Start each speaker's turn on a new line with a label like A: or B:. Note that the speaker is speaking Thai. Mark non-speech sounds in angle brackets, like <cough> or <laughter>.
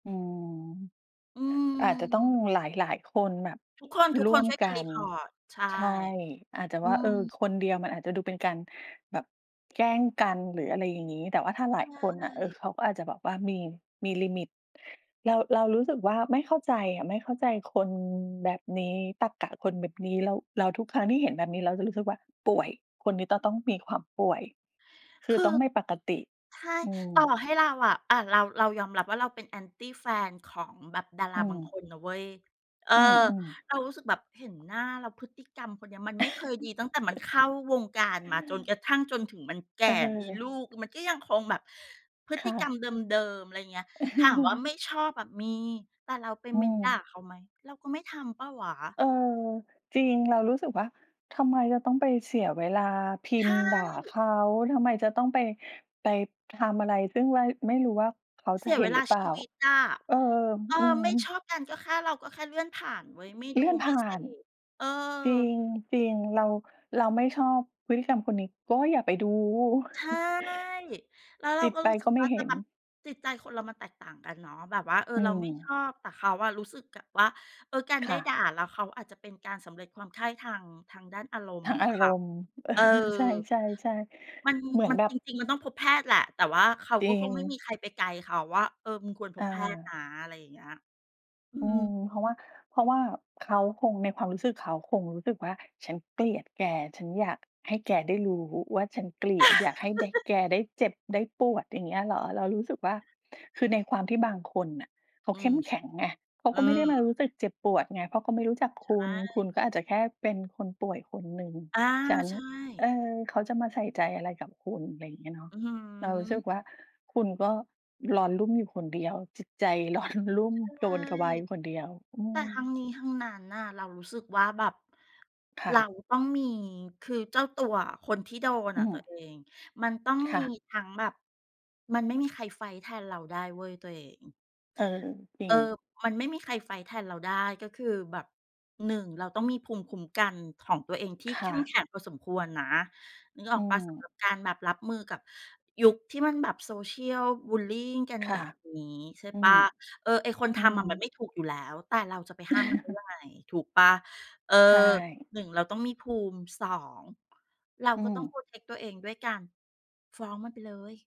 A: อืม
B: อื
A: อาจจะต้อง
B: ม
A: หลาย ๆ คนแบบ
B: ทุกคน
A: ร่ว
B: ๆ
A: ม
B: ช่วย
A: ก
B: กั
A: ั
B: น
A: น
B: report ใช่
A: ใช่ อาจจะ
B: อื
A: ว่า เออ
B: ม
A: คนเดียวมันอาจจะดูเป็นการแบบแกล้งกัน หรืออะไรอย่างงี้ แต่ว่าถ้าหล
B: ใช
A: ายคนน่ะ เออ
B: ่
A: เขาก็อาจจะแบบว่ามี มีลิมิต เรา เรารู้สึกว่าไม่เข้าใจอะ ไม่เข้าใจคนแบบนี้ ตรรกะคนแบบนี้ แล้ว แล้วทุกครั้งที่เห็นแบบนี้ เราจะรู้สึกว่าป่วย คนนี้จะต้องมีความป่วย ค
B: ค
A: ือ
B: ื
A: ต้
B: อ
A: องไม่ปกติ
B: ใช่
A: อื
B: ต่อ
A: ม
B: ให้เราอะ อ่า เรา เรายอมรับ ว่าเราเป็น Anti แฟนของแบบดาร
A: อื
B: าบางค
A: ม
B: นนะเว้ย เออ
A: อือ ๆ
B: เรารู้สึกแบบเห็นหน้าและพฤติกรรมคนเนี้ย มันไม่เคยดีตั้งแต่มัน
A: <chuckles>
B: เข้าวงการมา จนกระทั่ง จนถึงมันแก
A: อะ
B: ่
A: ฮ
B: มี
A: ะ
B: ลูก มันก็ยังคงแบบพฤ
A: ค
B: ต
A: ่
B: ิกรร
A: ะ
B: มเดิม ๆ อะไรเงี้ย ถามว่า
A: <chuckles>
B: ไม่ชอบอะมี แต่เราไป
A: อื
B: เมนต์ด่า
A: ม
B: เขาไหม? เราก็ไม่ทำเปล่าวะ
A: เออ จริง เรารู้สึกว่า ทำไมจะต้องไปเสียเวลาพิ
B: ใช
A: มพ์ด่าเข
B: ่
A: า ทำไมจะต้องไป ไปทำอะไร ซึ่งไม่ ไม่รู้ว่าเขา
B: เส
A: จ
B: ี
A: ะ
B: ย
A: เห
B: เ
A: ็
B: ว
A: น
B: ล
A: หร
B: า
A: ือเป
B: ช
A: ล่า?
B: ีวิตอะ
A: เออ
B: เออ
A: อืม
B: ไม่ชอบกันก็แค่ เราก็แค่เลื่อนผ่านเว้ย ไม่
A: เ
B: ด
A: ล
B: ู
A: ื่อนผ
B: ไม่
A: ่า
B: เส
A: น
B: พ เออ
A: จริง จริง เรา เราไม่ชอบพฤติกรรมคนนี้ก็อย่าไปดู
B: ใช่
A: <chuckles>
B: แล้วเร
A: ป
B: า
A: ิด
B: ก็
A: ไป
B: รู้ส
A: ก
B: ึ
A: ็
B: ก
A: ไม
B: ว
A: ่
B: ่า
A: เ
B: แ
A: ห
B: ต่
A: ็น
B: แบบจิตใจคนเรามันแตกต่างกันเนาะ แบบว่า เออ
A: อื
B: เราไม่ช
A: ม
B: อบ แต่เขาอะรู้สึกแบบว่า เออ การไ
A: ค
B: ด้
A: ่ะ
B: ด่า แล้วเขาอาจจะเป็นการสำเร็จความใคร่ทาง ทางด้านอารม
A: ท
B: ณ์
A: า
B: ข
A: ง
B: อ
A: อ
B: ง
A: า
B: เข
A: ร
B: า
A: มณ์ เออ
B: เออ
A: ใช่ ๆ
B: มัน
A: ๆ เหมือน
B: มัน
A: แบบ
B: จริง ๆ มันต้องพบแพทย์แหละ แต่ว่าเขา
A: จร
B: ก
A: ิ
B: ็คงไม่ม
A: ง
B: ีใครไปไกด์เขาว่า เออ มึงควรพ
A: อ
B: บแพทย์น
A: า
B: ะ อะไรอย่างเงี้ย อื
A: อืม
B: ม
A: เพราะว่า เพราะว่าเขาคง ในความรู้สึกเขาคงรู้สึกว่าฉันเกลียดแก ฉันอยากให้แกได้รู้ว่าฉันเกลียด อยากให้ได้
B: <chuckles>
A: แกได้เจ็บได้ปวด อย่างเงี้ยเหรอ? เรารู้สึกว่า คือในความที่บางคนน่ะเขา
B: อื
A: เข้
B: ม
A: มแข็งไง เขา
B: อ
A: ก
B: ื
A: ็ไม่ได้มา
B: ม
A: รู้สึกเจ็บปวดไง เพราะเขาก็ไม่รู้จักคุ
B: ใช
A: ณ คุ
B: ่
A: ณก็อาจจะแค่เป็นคนป่วยคนหนึ่ง
B: อา
A: ฉัน
B: ใช
A: เ
B: ่
A: ออ เขาจะมาใส่ใจอะไรกับคุณ อะไรอย่างเงี้ยเนาะ
B: อื้อฮื
A: เรารู้สึ
B: อ
A: กว่า คุณก็ร้อนรุ่มอยู่คนเดียว จิตใจ ร้อน รุ่ม
B: ใ
A: ก
B: ช
A: ระ
B: ่
A: วนกระวายอยู่คน
B: ๆ
A: เดียว อื
B: แต่
A: ม
B: ทั้งนี้ทั้งนั้นน่ะ เรารู้สึกว่าแบบ
A: ค่
B: เรา
A: ะ
B: ต้องมี คือเจ้าตัวอะ คนที่โดน
A: อื
B: อะตัว
A: ม
B: เอง มันต้อง
A: ค
B: ม
A: ่
B: ี
A: ะ
B: ทั้งแบบ มันไม่มีใครไฟต์แทนเราได้เว้ยตัวเอง
A: เออ จริ
B: เอ
A: ง
B: อ มันไม่มีใครไฟต์แทนเราได้ ก็คือแบบ 1 เราต้องมีภูมิคุ้มกันของตัวเองที่
A: ค
B: เข
A: ่
B: ้มแ
A: ะ
B: ข็งพอสมควรนะ นึกอ
A: อ
B: อ
A: ื
B: กเปล่า สำ
A: ม
B: หรับการแบบรับมือกับยุคที่มันแบบ Social บุลลีกัน
A: ค
B: แ
A: ่ะ
B: บบนี้ ใช่
A: อื
B: เปล่
A: ม
B: า เออ ไอ้คน
A: อ
B: ท
A: ื
B: ำอะมัน
A: ม
B: ไม่ถูกอยู่แล้ว แต่เราจะไปห้ามมันได้ยังไ
A: <chuckles>
B: ง ถูกเปล่า เออ
A: ใช่
B: 1 เราต้องมีภูมิ 2 เรา
A: อื
B: ก็ต้อง
A: ม
B: protect ตัวเองด้วยการฟ้องมันไปเลย